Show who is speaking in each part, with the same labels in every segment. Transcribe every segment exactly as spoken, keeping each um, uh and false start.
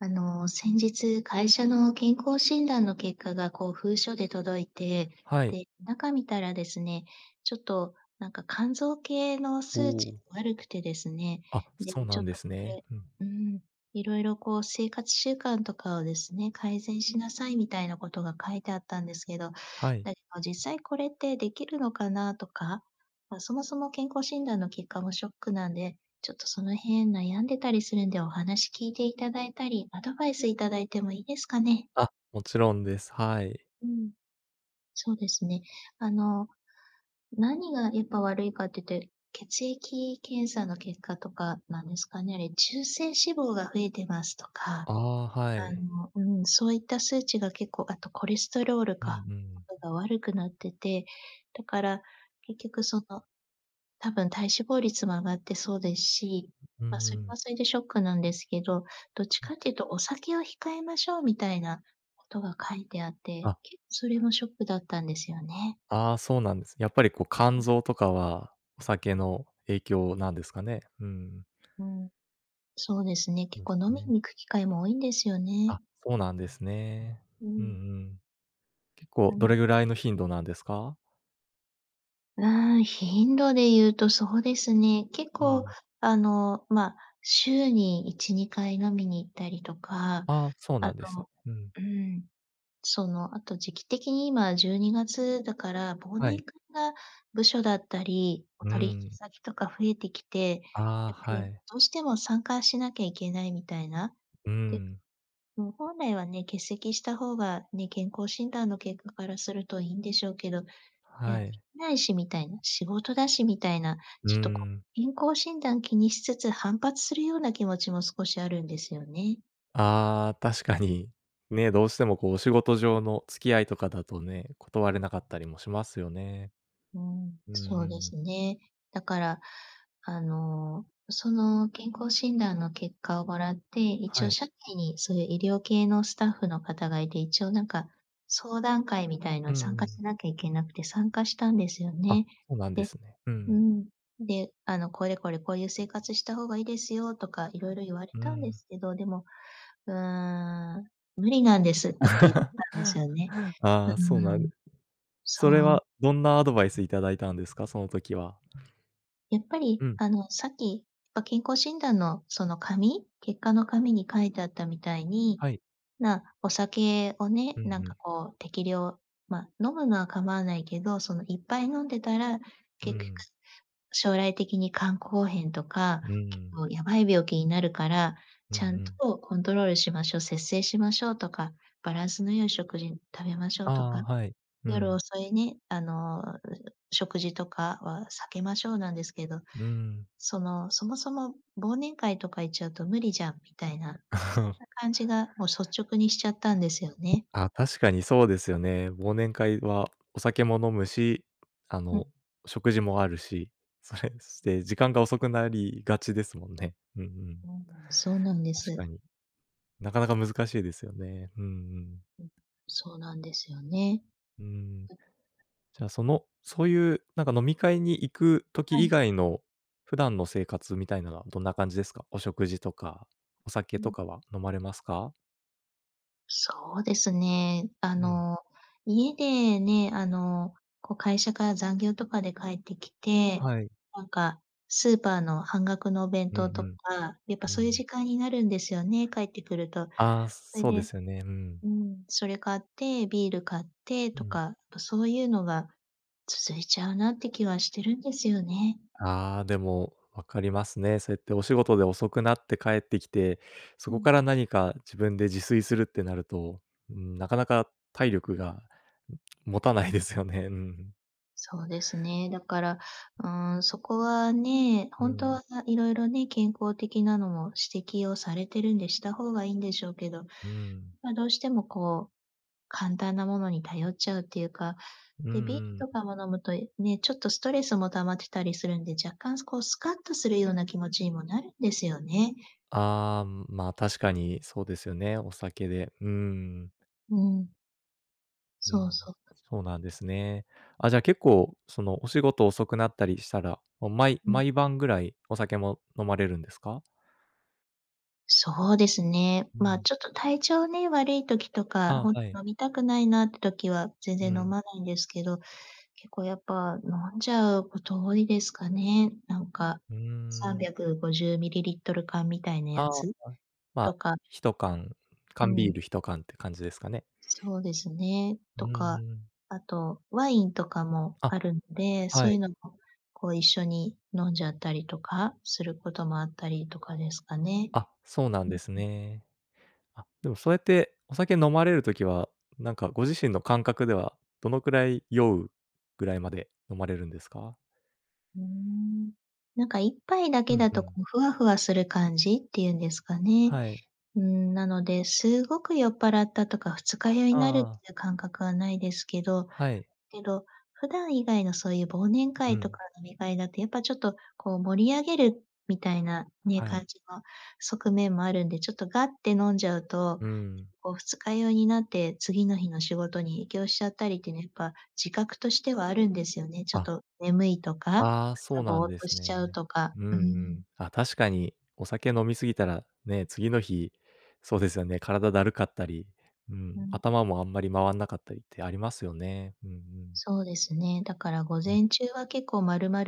Speaker 1: あの、先日会社の健康診断の結果がこう封書で届いて、
Speaker 2: はい。
Speaker 1: で、中見たらですね、ちょっとなんか肝臓系の
Speaker 2: お
Speaker 1: 数値
Speaker 2: お。
Speaker 1: 悪くてですね、
Speaker 2: あ、
Speaker 1: で、
Speaker 2: そうな
Speaker 1: ちょっ
Speaker 2: んで
Speaker 1: とこ
Speaker 2: すね。
Speaker 1: れ
Speaker 2: うん。
Speaker 1: うん、いろいろこう生活習慣とかをですね、改善しなさいみたいなことが書いてあったんですけど、
Speaker 2: はい。
Speaker 1: だけど実
Speaker 2: う
Speaker 1: 際これってできるのかなとか、ま、そもそも健康診断の結果もショックなんで、ちょっとその辺悩んでたりするんで、お話聞いていただいたり、アドバイスいただいてもいいですかね？
Speaker 2: あ、もちろんです。はい。
Speaker 1: うん。そうですね。あの、何がやっぱ悪いかっていって、血液検査の結果とかなんですかね、あれ、中性脂肪が増えてますとか、
Speaker 2: ああ、は
Speaker 1: あ
Speaker 2: い。
Speaker 1: のうん、そういった数値が結構、あとコレステロール
Speaker 2: うんう
Speaker 1: か、
Speaker 2: ん。
Speaker 1: とかが悪くなってて、だから結局その、多分体脂肪率も上がってそうですし、
Speaker 2: ん、うんう
Speaker 1: ま、そ
Speaker 2: ん。
Speaker 1: れは
Speaker 2: ん。
Speaker 1: それでショックなんですけど、どっち
Speaker 2: うん。
Speaker 1: かっていうと「お酒を控えましょう」みたいなことが書いてあって、
Speaker 2: あ。
Speaker 1: けっそれもショックだったんですよね。
Speaker 2: ああ、そうなんです、やっぱりこう肝
Speaker 1: うん。
Speaker 2: 臓とかはお酒の影響なんですかね？うん。
Speaker 1: うん、そうですね、結構
Speaker 2: [unintelligible]
Speaker 1: 飲み
Speaker 2: ね。
Speaker 1: に行く機会も多いんですよね。
Speaker 2: あ、そうなんですね。
Speaker 1: う
Speaker 2: うん
Speaker 1: ん。
Speaker 2: うん。結構、
Speaker 1: な
Speaker 2: ど
Speaker 1: の
Speaker 2: れ
Speaker 1: で。
Speaker 2: ぐらいの頻度なんですか？
Speaker 1: なああ、頻度で言うとそうですね、結
Speaker 2: う
Speaker 1: 構、
Speaker 2: ん。
Speaker 1: あの、ま、週にいちにかい飲みに行ったりとか、
Speaker 2: ああ、そうな
Speaker 1: あ
Speaker 2: んです。
Speaker 1: と、
Speaker 2: うん。
Speaker 1: うん、その、あと、時期的に、今じゅうにがつだから、忘
Speaker 2: は
Speaker 1: 年
Speaker 2: い。
Speaker 1: 会が、部署だったりお
Speaker 2: うー
Speaker 1: 取引
Speaker 2: ん。
Speaker 1: 先とか増えてきて、
Speaker 2: ああ、
Speaker 1: やっぱ
Speaker 2: は
Speaker 1: り
Speaker 2: い。
Speaker 1: どうしても参加しなきゃいけないみたいな。
Speaker 2: うー
Speaker 1: で、
Speaker 2: ん。
Speaker 1: もう本来はね、欠席した方がね、健康診断の結果からするといいんでしょうけど、「いや、
Speaker 2: は
Speaker 1: で
Speaker 2: い。
Speaker 1: きないし」みたいな、「仕事だし」みたいな、
Speaker 2: うー
Speaker 1: ちょっとこう、
Speaker 2: ん。
Speaker 1: 健康診断気にしつつ反発するような気持ちも少しあるんですよね。
Speaker 2: ああ、確かに。ね、どうしても、こう、お仕事上の付き合いとかだとね、断れなかったりもしますよね。
Speaker 1: うん、
Speaker 2: うんう
Speaker 1: そうで
Speaker 2: ん。
Speaker 1: すね。だから、あの、その健康診断の結果をもらって、一
Speaker 2: は
Speaker 1: 応
Speaker 2: い。
Speaker 1: 社内にそういう医療系のスタッフの方がいて、一応なんか、相談会みたい
Speaker 2: う
Speaker 1: の
Speaker 2: んう
Speaker 1: 参加
Speaker 2: ん。
Speaker 1: しなきゃいけなくて、参加したんですよ
Speaker 2: あ、
Speaker 1: ね。
Speaker 2: そうなんで
Speaker 1: で
Speaker 2: すね。う
Speaker 1: う
Speaker 2: ん。
Speaker 1: ん、で、あの、「これこれこういう生活した方がいいですよ」とかいろいろ言われ
Speaker 2: う
Speaker 1: たんで
Speaker 2: ん。
Speaker 1: すけど、でも、「うーん、無理なんです」って言っ たんですよね。
Speaker 2: ああ、
Speaker 1: う
Speaker 2: そ
Speaker 1: ん
Speaker 2: うなん
Speaker 1: うん。
Speaker 2: それ
Speaker 1: そう。
Speaker 2: はどんなアドバイス頂いたんですか？その時は。
Speaker 1: やっぱり、
Speaker 2: うん。
Speaker 1: あの、さっき、ま、健康診断のその紙結果の紙に書いてあったみたいに、
Speaker 2: はい。
Speaker 1: まあ、お酒をね、
Speaker 2: うん
Speaker 1: なん
Speaker 2: う
Speaker 1: か
Speaker 2: ん。
Speaker 1: こう適量、ま、飲むのは構わないけど、その、「いっぱい飲んでたら、
Speaker 2: う
Speaker 1: 結局、
Speaker 2: ん。
Speaker 1: 将来的に肝硬変とか
Speaker 2: うんう
Speaker 1: 結
Speaker 2: ん。
Speaker 1: 構やばい病気になるから、
Speaker 2: うんう
Speaker 1: ちゃん
Speaker 2: ん。
Speaker 1: とコントロールしましょう、節制しましょう」とか、「バランスの良い食事、ん、食べましょう」
Speaker 2: あ
Speaker 1: とか。
Speaker 2: あ、はい。う
Speaker 1: 「夜
Speaker 2: ん。
Speaker 1: 遅いね、あの、う、食事とかは避けましょう」なんですけど、
Speaker 2: うーん。
Speaker 1: その、「そもそも忘年会とか行っちゃうと無理じゃん」みたい な、
Speaker 2: ほ
Speaker 1: そん
Speaker 2: ん。
Speaker 1: な感じがもう率直にしちゃったんですよね。
Speaker 2: ああ、確かにそうですよね。忘年会はお酒も飲むし、あ
Speaker 1: う
Speaker 2: の、
Speaker 1: ん。
Speaker 2: 食事もあるし。それして時間が遅くなりがちですもんね。うんうん。
Speaker 1: うんうん、そうなんで
Speaker 2: 確か
Speaker 1: す。
Speaker 2: に。なかなか難しいですよね。ふん、うん。
Speaker 1: うん、そうなんですよね。
Speaker 2: うん。
Speaker 1: うん。
Speaker 2: じゃあその、そういう、なんか飲み会に行く
Speaker 1: は
Speaker 2: 時以
Speaker 1: い。
Speaker 2: 外の、普段の生活みたいなのはどんな感じですか？お食事とか、お酒
Speaker 1: う
Speaker 2: と
Speaker 1: ん。
Speaker 2: かは飲まれますか？
Speaker 1: そうですね。あ
Speaker 2: うん。
Speaker 1: の、家でね、あのこう会社から残業とかで帰ってきて、
Speaker 2: はい。
Speaker 1: なんかスーパーの半額のお弁
Speaker 2: う
Speaker 1: 当と
Speaker 2: ん
Speaker 1: か、やっぱ
Speaker 2: うん、う
Speaker 1: そういう
Speaker 2: ん。
Speaker 1: 時間になるんですよね、帰ってくると。
Speaker 2: ああ、
Speaker 1: それ
Speaker 2: そうで
Speaker 1: で
Speaker 2: すよね。うん。
Speaker 1: うん、それ買ってビール買って
Speaker 2: う
Speaker 1: と
Speaker 2: ん。
Speaker 1: か、と、そういうのが続いちゃうなって気はしてるんですよね。
Speaker 2: はあ、でもわかりますね。そうやってお仕事で遅くなって帰ってきて、そ
Speaker 1: う
Speaker 2: こ
Speaker 1: ん。
Speaker 2: から何か自分で自炊するってなると、うーん、なかなか体力が、ん、持たないですよね。うん。
Speaker 1: そうですね、だから、うーん、そこはね、
Speaker 2: う
Speaker 1: 本当
Speaker 2: ん。
Speaker 1: はいろいろね、健康的なのも指摘をされてるんで、した方がいいんでしょうけど、
Speaker 2: うん。
Speaker 1: まあどうしてもこう、簡単なものに頼っちゃうっていうか、
Speaker 2: うん
Speaker 1: で、ビー
Speaker 2: うん。
Speaker 1: ルとかも飲むと、え、ね、ちょっとストレスも溜まってたりするんで、若干すこうスカッとするような気持ちにもなるんですよね。
Speaker 2: ああ、ん、まあ確かにそうですよね、お酒で、うーん。
Speaker 1: うん。
Speaker 2: う
Speaker 1: そ
Speaker 2: ん、
Speaker 1: うそう。
Speaker 2: そうなんですね。あ、じゃあ結構そのお仕事遅くなったりしたら、もう毎
Speaker 1: うん。
Speaker 2: 毎晩ぐらいお酒も飲まれるんですか？
Speaker 1: そうですね、
Speaker 2: う
Speaker 1: まあ、
Speaker 2: ん。
Speaker 1: ちょっと体調ね、悪い時とか、
Speaker 2: あ、
Speaker 1: ほんと
Speaker 2: はい。
Speaker 1: 飲みたくないなって時は全然
Speaker 2: う
Speaker 1: 飲
Speaker 2: ん。
Speaker 1: まないんですけど、結構やっぱ飲んじゃうこと多いですかね、なんか、
Speaker 2: うー
Speaker 1: さん
Speaker 2: ん。
Speaker 1: びゃくごじゅうミリリットル缶みたいな
Speaker 2: あ
Speaker 1: や
Speaker 2: ああ、
Speaker 1: つ、
Speaker 2: ま
Speaker 1: と
Speaker 2: あ、
Speaker 1: か。
Speaker 2: ひひとかん
Speaker 1: う
Speaker 2: 缶ビー
Speaker 1: ん。
Speaker 2: ルひとかんって感じですかね。
Speaker 1: そうですね。
Speaker 2: うー
Speaker 1: とか、
Speaker 2: ん。
Speaker 1: あと、ワインとかも
Speaker 2: あ、
Speaker 1: あるんで、そ
Speaker 2: は
Speaker 1: ういう
Speaker 2: い。
Speaker 1: のも、こう一緒に飲んじゃったりとか、することもあったりとかですかね。
Speaker 2: あ、そうなん
Speaker 1: うんう
Speaker 2: で
Speaker 1: ん。
Speaker 2: すね。あ、でもそうやってお酒飲まれる時は、なんかご自身の感覚では、どのくらい酔うぐらいまで飲まれるんですか？
Speaker 1: うーん、なんかいっぱいだ
Speaker 2: う
Speaker 1: け
Speaker 2: ん
Speaker 1: だ
Speaker 2: う
Speaker 1: とこ
Speaker 2: ん。
Speaker 1: うふわふわする感じっていうんですかね。
Speaker 2: はい。
Speaker 1: うーん、なので、すごく酔っぱらったとか二日酔いになるっ
Speaker 2: あ
Speaker 1: て
Speaker 2: あ。
Speaker 1: いう感覚はないですけど、
Speaker 2: はい。
Speaker 1: けど、普段以外のそういう忘年
Speaker 2: う
Speaker 1: 会と
Speaker 2: ん。
Speaker 1: か飲み会だとやっぱちょっとこう盛り上げるみたいなね、
Speaker 2: は
Speaker 1: 感
Speaker 2: い。
Speaker 1: じの側面もあるんで、ちょっとがって飲んじゃうと、
Speaker 2: うん。
Speaker 1: こう二日酔いになって次の日の仕事に影響しちゃったりっていうのやっぱ自覚としてはあるんですよね。ちょっ
Speaker 2: あ。
Speaker 1: と眠いとか、
Speaker 2: ああ、そ
Speaker 1: 朝、
Speaker 2: うな
Speaker 1: ぼ
Speaker 2: ん
Speaker 1: ーっ
Speaker 2: で
Speaker 1: と
Speaker 2: す
Speaker 1: しち
Speaker 2: ね。
Speaker 1: ゃうとか、
Speaker 2: う
Speaker 1: う
Speaker 2: んうん。
Speaker 1: ん。
Speaker 2: あ、確かにお酒飲み過ぎたら、ね、次の日、そうですよね、体だるかったり、うん、
Speaker 1: うん。
Speaker 2: 頭もあんまり回んなかったりってありますよね。うんうん。
Speaker 1: そうですね。だから午
Speaker 2: うん。
Speaker 1: 前中は結構丸々、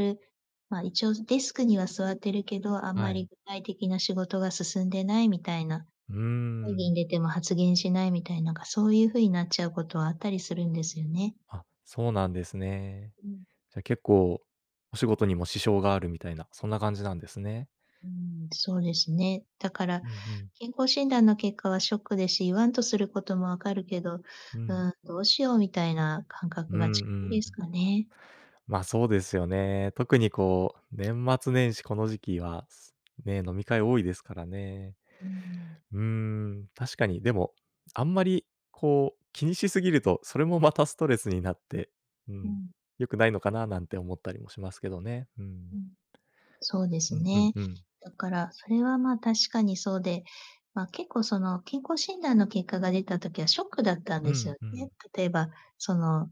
Speaker 1: まあ、一応デスクには座ってるけど、あん
Speaker 2: は
Speaker 1: まり
Speaker 2: い。
Speaker 1: 具体的な仕事が進んでないみたいな、
Speaker 2: うー
Speaker 1: 会
Speaker 2: ん。
Speaker 1: 議に出ても発言しないみたいなんか、そういう風になっちゃうことはあったりするんですよね。
Speaker 2: あ、そうなんですね。
Speaker 1: うん。
Speaker 2: じゃ、結構お仕事にも支障があるみたいな、そんな感じなんですね。
Speaker 1: うん、そうですね。だから、
Speaker 2: うんうん。
Speaker 1: 健康診断の結果はショックでし、言わんとすることも分かるけど、う
Speaker 2: うん。
Speaker 1: ーん、どうしようみたいな感覚
Speaker 2: う
Speaker 1: が
Speaker 2: ん
Speaker 1: 近いで
Speaker 2: う
Speaker 1: す
Speaker 2: ん。
Speaker 1: かね。
Speaker 2: まあ、そうですよね。特にこう、年末年始この時期は、すね、飲み会多いですからね。
Speaker 1: うんうん。
Speaker 2: うーん、確かに。でも、あんまりこう気にしすぎると、それもまたストレスになって、う
Speaker 1: う
Speaker 2: ん、
Speaker 1: ん。
Speaker 2: 良くないのかななんて思ったりもしますけどね。う
Speaker 1: う
Speaker 2: ん。
Speaker 1: ん。そうです
Speaker 2: うんうん
Speaker 1: ね。
Speaker 2: うん。
Speaker 1: だからそれはまあ、確かにそうで、まあ、結構その健康診断の結果が出た時はショックだったん
Speaker 2: う
Speaker 1: ですよ
Speaker 2: んう
Speaker 1: ね。
Speaker 2: ん。
Speaker 1: 例えば、その、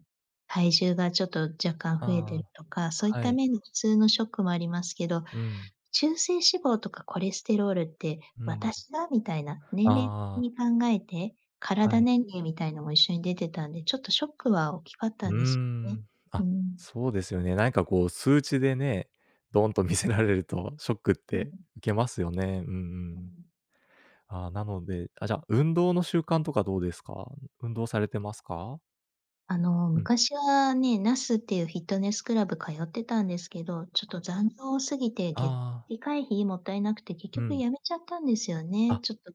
Speaker 1: 体重がちょっと若干増えて
Speaker 2: あ
Speaker 1: るとか、そういっ
Speaker 2: あ、は
Speaker 1: た
Speaker 2: い。
Speaker 1: 面で普通のショックもありますけど、
Speaker 2: うん。
Speaker 1: 中性脂肪とかコレステロールって、
Speaker 2: うん。
Speaker 1: 私が？みたいな、年
Speaker 2: あ
Speaker 1: 齢的に
Speaker 2: あ。
Speaker 1: 考えて、
Speaker 2: は
Speaker 1: 体
Speaker 2: い。
Speaker 1: 年齢みたいのも一緒に出てたんで、ちょっとショックは大きかった
Speaker 2: う
Speaker 1: んですよね。
Speaker 2: ん。
Speaker 1: う
Speaker 2: あ、
Speaker 1: ん。
Speaker 2: そうですよね。なんかこう数値でね、ドンと見せられるとショックっ
Speaker 1: うう
Speaker 2: て
Speaker 1: ん。
Speaker 2: 受けますよね。うんう
Speaker 1: う
Speaker 2: ん。
Speaker 1: ん。
Speaker 2: ああ、なのであ、じゃあ、運動の習慣とかどうですか？運動されてますか？
Speaker 1: あの、
Speaker 2: うん。
Speaker 1: 昔はね、ナスていうフィットネスクラブ通ってたんですけど、ちょっ
Speaker 2: あ。
Speaker 1: と残業多すぎてげ
Speaker 2: ああ。
Speaker 1: 月会費もったいなくて結
Speaker 2: う
Speaker 1: 局
Speaker 2: ん。
Speaker 1: やめちゃったんですよね、
Speaker 2: あ。
Speaker 1: ちょっと。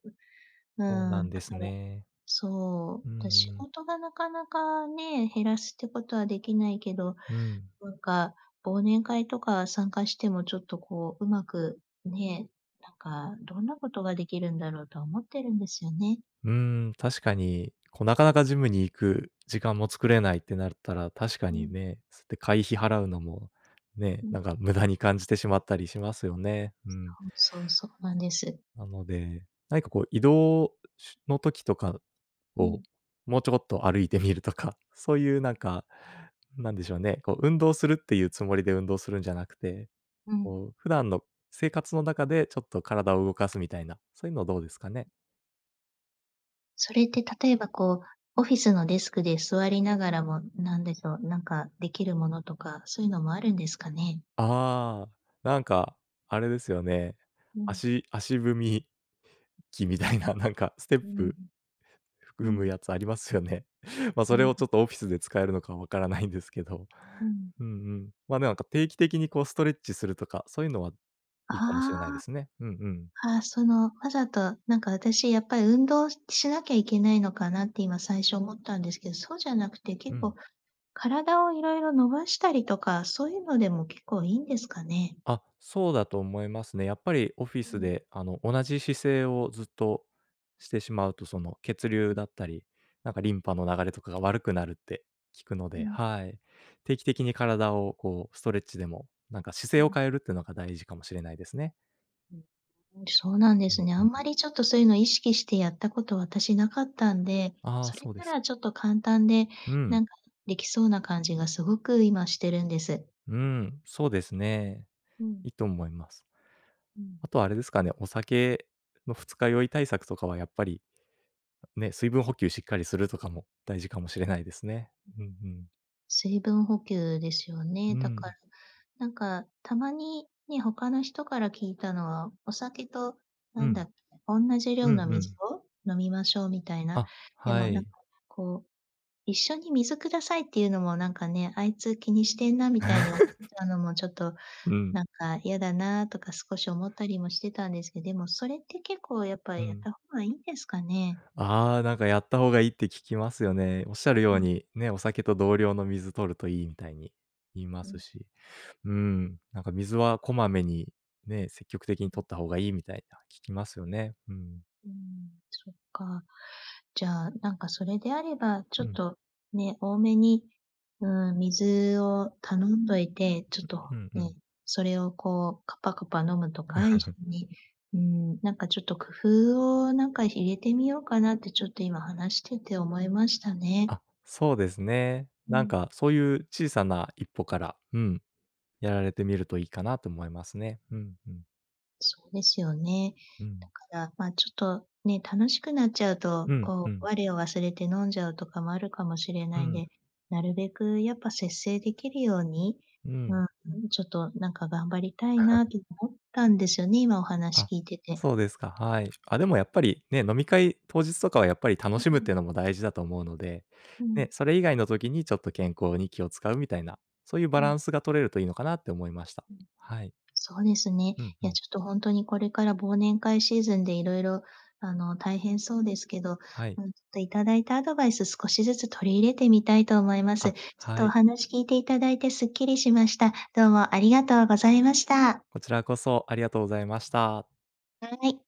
Speaker 1: う
Speaker 2: そう
Speaker 1: ん。う
Speaker 2: な
Speaker 1: ー
Speaker 2: ん
Speaker 1: ん。
Speaker 2: で
Speaker 1: だ
Speaker 2: す
Speaker 1: から、
Speaker 2: ね。
Speaker 1: そ
Speaker 2: う
Speaker 1: う、
Speaker 2: ん
Speaker 1: で、
Speaker 2: う
Speaker 1: 仕
Speaker 2: ん。
Speaker 1: 事がなかなかね、減らすってことはできないけど、
Speaker 2: うん。
Speaker 1: なんか忘年会とか参加してもちょっとこううまく、ね、なんかどんなことができるんだろうとは思ってるんですよね。
Speaker 2: うーん、確かに、こうなかなかジムに行く時間も作れないってなるったら、確か
Speaker 1: う
Speaker 2: に
Speaker 1: ん。
Speaker 2: ね、そうやって会費払うのも、ね、
Speaker 1: うん。
Speaker 2: なんか無駄に感じてしまったりしますよね。うん。
Speaker 1: そうそうそうなんです。
Speaker 2: なので、何かこう移動、しゅの時とか
Speaker 1: う
Speaker 2: を
Speaker 1: ん。
Speaker 2: もうちょこっと歩いてみるとか、そういうなんか、なんでしょうね、こう運動するっていうつもりで運動するんじゃなくて、
Speaker 1: うん。
Speaker 2: こう普段の生活の中でちょっと体を動かすみたいな、そういうのはどうですかね。
Speaker 1: それっ
Speaker 2: ん。
Speaker 1: て例えばこう、オフィスのデスクで座りながらも、なんでしょう、なんかできるものとか、そういうのもあるんですかね？
Speaker 2: ああ、なんか、あれですよね。
Speaker 1: うん。
Speaker 2: 足足踏み機みたいな、なんかステッ
Speaker 1: うーん。
Speaker 2: プ、
Speaker 1: う
Speaker 2: 踏む
Speaker 1: ん。
Speaker 2: やつありますよね。まあ、
Speaker 1: う
Speaker 2: それ
Speaker 1: ん
Speaker 2: を
Speaker 1: う。
Speaker 2: ちょっとオフィスで使えるのかわからないんですけど。
Speaker 1: うん。
Speaker 2: うんうん。まあ、なんか定期的にこうストレッチするとか、そういうのはいいかもし
Speaker 1: あ
Speaker 2: れないで
Speaker 1: あ。
Speaker 2: すね。うんうん。
Speaker 1: ああ、その、わざと、なんか私やっぱり運動しなきゃいけないのかなって今最初思ったんですけど、そうじゃなくて
Speaker 2: う
Speaker 1: 結構
Speaker 2: ん。
Speaker 1: 体を色々伸ばしたりとか、そういうのでも結構いいんですかね？
Speaker 2: あ、そうだと思いますね。やっぱりオフィ
Speaker 1: う
Speaker 2: ス
Speaker 1: ん。
Speaker 2: であの同じ姿勢をずっとしてしまうと、その血流
Speaker 1: うん。
Speaker 2: だったり、なんかリンパの流れとかが悪くなるって聞くの
Speaker 1: う
Speaker 2: で、
Speaker 1: ん。
Speaker 2: はい。定期的に体をこうストレッチでも、なんか姿
Speaker 1: う
Speaker 2: 勢を
Speaker 1: ん。
Speaker 2: 変えるっていうのが大事かもしれないですね。
Speaker 1: うん、うん、そうなんで
Speaker 2: うん。
Speaker 1: す
Speaker 2: う
Speaker 1: ね、
Speaker 2: う
Speaker 1: あん
Speaker 2: ん。
Speaker 1: まりちょっと、そう言うのを意識してやった事、私なかったんで、
Speaker 2: ああ、
Speaker 1: それ
Speaker 2: そうで
Speaker 1: な
Speaker 2: す。
Speaker 1: らちょっと簡単で、
Speaker 2: うん。
Speaker 1: 何か出来そうな感じが、凄く今してるんです。
Speaker 2: うん、そうですね、
Speaker 1: う
Speaker 2: 良い
Speaker 1: ん。
Speaker 2: と思います。
Speaker 1: うん。
Speaker 2: 後は、あれですかね、お酒の二日酔い対策とかは、やっぱり、ね、水分補給しっかりするとかも、大事かもしれないですね、
Speaker 1: うん、
Speaker 2: うん、ふん。
Speaker 1: 水分補給ですよね、
Speaker 2: う
Speaker 1: だか
Speaker 2: ん。
Speaker 1: ら、何か、たまにね、他の人から聞いたのは、お酒と、
Speaker 2: う
Speaker 1: 何だ
Speaker 2: ん。
Speaker 1: っけ、おんなじ
Speaker 2: う
Speaker 1: 量
Speaker 2: ん
Speaker 1: の
Speaker 2: う
Speaker 1: 水
Speaker 2: ん。
Speaker 1: を飲みましょうみたいな、
Speaker 2: あ、
Speaker 1: で
Speaker 2: は
Speaker 1: も何か、
Speaker 2: い。
Speaker 1: こう、一緒に水下さいって言うのも何かね、あいつ気にしてんな、みたいにお [unintelligible] ち ゃうのも、ちょっと
Speaker 2: うん。
Speaker 1: 何か嫌だなとか少し思ったりもしてたんですけ、でもそれって結構、やっぱ
Speaker 2: うう
Speaker 1: やっ
Speaker 2: ん。
Speaker 1: た方が良いんですかね。
Speaker 2: ああ、何かやった方が良いって聞きますよね、おっしゃるよ
Speaker 1: う
Speaker 2: う
Speaker 1: ん。
Speaker 2: に、ね、お酒と同量の水摂ると良いみたいに言いま
Speaker 1: う
Speaker 2: す
Speaker 1: ん。
Speaker 2: し。うん、何か水はこまめに、ね、積極的
Speaker 1: う
Speaker 2: に
Speaker 1: ん。
Speaker 2: 摂った方が良いみたいな、聞きますよね、うん。
Speaker 1: うーん、そっか、じゃあ、何か、それであれば、ち
Speaker 2: う
Speaker 1: ょっ
Speaker 2: ん。
Speaker 1: と、ね、多めに、うん、水を頼んどいて、ちょ
Speaker 2: う
Speaker 1: っ
Speaker 2: う
Speaker 1: と
Speaker 2: ふん、う
Speaker 1: ね、
Speaker 2: ん。
Speaker 1: それをこう、カパカパ飲むとか、一 緒に、うーん、何かちょっと工夫を、何かひ入れてみようかな、ってちょっと今、話してて思いましたね。
Speaker 2: あ、そうですね、
Speaker 1: う
Speaker 2: 何
Speaker 1: ん。
Speaker 2: か、そう言う小さないっぽから、うん、やられてみると良いかなと思いますね、うんうん。
Speaker 1: そうですよね、
Speaker 2: う
Speaker 1: だ
Speaker 2: ん。
Speaker 1: から、まあ、ちょっと、ね、楽しくなっちゃうと、
Speaker 2: うん、ふ
Speaker 1: こ
Speaker 2: ん。
Speaker 1: う、我を忘れて飲んじゃうとかも、あるかもしれ
Speaker 2: う
Speaker 1: ないん
Speaker 2: ん。
Speaker 1: で、なるべくやっぱ、節制出来るように、
Speaker 2: うん。
Speaker 1: うん、ちょっと何か、頑張りたいなっ てゆの思ったんですよね、今、お話
Speaker 2: あ、
Speaker 1: 聞いてて。
Speaker 2: そうですか、はい、あ、でもやっぱり、ね、飲み会当日とかは、やっぱり楽しむっ
Speaker 1: [unintelligible]
Speaker 2: て言うのも大事だと思うので、
Speaker 1: う
Speaker 2: ね、
Speaker 1: ん。
Speaker 2: それ以外の時に、ちょっと健康に気を遣うみたいな、そう言うバ
Speaker 1: う
Speaker 2: ラ
Speaker 1: ん。
Speaker 2: ンスが取れると、良いのかなって思いました、
Speaker 1: うん、
Speaker 2: はい。
Speaker 1: そうですね、
Speaker 2: うんう
Speaker 1: いや
Speaker 2: ん。
Speaker 1: ちょっと、ほんとに、これから忘年会シーズンで、色々、あの、大変そうですけど、
Speaker 2: はい。
Speaker 1: うん、ちょっと頂いたアドバイス少しずつ取り入れてみたいと思います、
Speaker 2: あ、
Speaker 1: ちょっ
Speaker 2: は
Speaker 1: とお
Speaker 2: い。
Speaker 1: 話聞いて頂いて、すっきりしました、どうもありがとうございました。
Speaker 2: こちらこそ、ありがとうございました。
Speaker 1: はい。